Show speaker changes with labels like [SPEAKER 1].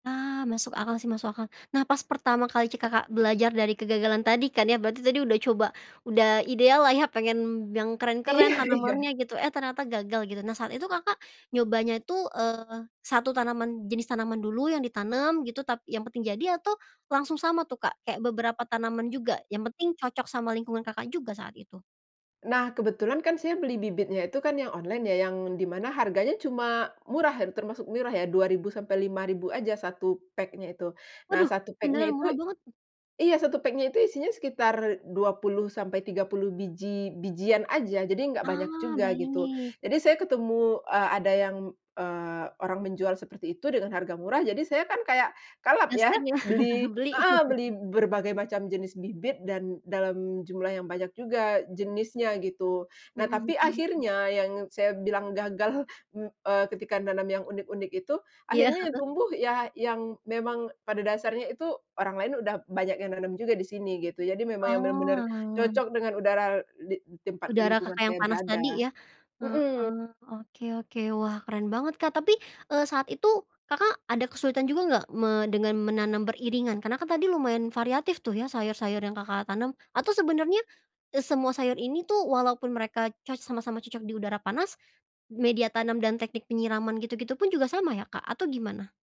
[SPEAKER 1] Nah, masuk akal sih, masuk akal. Nah, pas pertama kali ci Kakak, belajar dari kegagalan tadi kan ya, berarti tadi udah coba, udah ideal lah ya pengen yang keren-keren
[SPEAKER 2] Iya iya.
[SPEAKER 1] tanamannya gitu, eh, ternyata gagal gitu. Nah, saat itu, Kakak, nyobanya tuh, eee, 1 tanaman jenis tanaman dulu yang ditanam gitu tap yang penting jadi, atau langsung sama tuh, Kak? Kayak beberapa tanaman juga, yang penting cocok sama lingkungan, Kakak, juga saat itu?
[SPEAKER 2] Nah, kebetulan kan saya beli bibitnya itu kan yang online yang di mana harganya cuma murah, termasuk murah ya Rp2.000 sampai Rp5.000 aja 1 pack-nya itu. Nah,
[SPEAKER 1] Waduh,
[SPEAKER 2] 1 pack-nya
[SPEAKER 1] beneran
[SPEAKER 2] itu
[SPEAKER 1] murah banget.
[SPEAKER 2] iya, 1 pack-nya itu isinya sekitar 20 sampai 30 biji-bijian aja, jadi nggak banyak
[SPEAKER 1] Ah,
[SPEAKER 2] juga gitu.
[SPEAKER 1] baik.
[SPEAKER 2] Jadi saya ketemu, eee, ada yang, eee, orang menjual seperti itu dengan harga murah, jadi saya kan kayak kalap ya,
[SPEAKER 1] Gasken lah.
[SPEAKER 2] beli
[SPEAKER 1] Beli.
[SPEAKER 2] heeh, beli berbagai macam jenis bibit dan dalam jumlah yang banyak juga jenisnya gitu.
[SPEAKER 1] Mhm
[SPEAKER 2] Nah, tapi
[SPEAKER 1] mhm mhm.
[SPEAKER 2] akhirnya yang saya bilang gagal, m eee, ketika nanam yang unik-unik itu,
[SPEAKER 1] Iya,
[SPEAKER 2] akhirnya yang
[SPEAKER 1] heeh.
[SPEAKER 2] tumbuh ya yang memang pada dasarnya itu, orang lain udah banyak yang nanam juga di sini, gitu. Jadi memang yang benar-benar,
[SPEAKER 1] Oalah.
[SPEAKER 2] cocok dengan udara di tempat
[SPEAKER 1] Udara,
[SPEAKER 2] lingkungan
[SPEAKER 1] Kakak, yang
[SPEAKER 2] saya
[SPEAKER 1] panas
[SPEAKER 2] berada.
[SPEAKER 1] tadi ya,
[SPEAKER 2] Mhm.
[SPEAKER 1] heeh, oke oke. Wah, keren banget, Kak. Tapi, eee saat itu, Kakak, ada kesulitan juga nggak me dengan menanam beriringan? Karena kan tadi lumayan variatif tuh ya sayur-sayur yang, Kakak, tanam. Atau sebenarnya, eee, semua sayur ini tuh walaupun mereka coc sama-sama cocok di udara panas, media tanam dan teknik penyiraman gitu-gitu pun juga sama ya, Kak, atau gimana?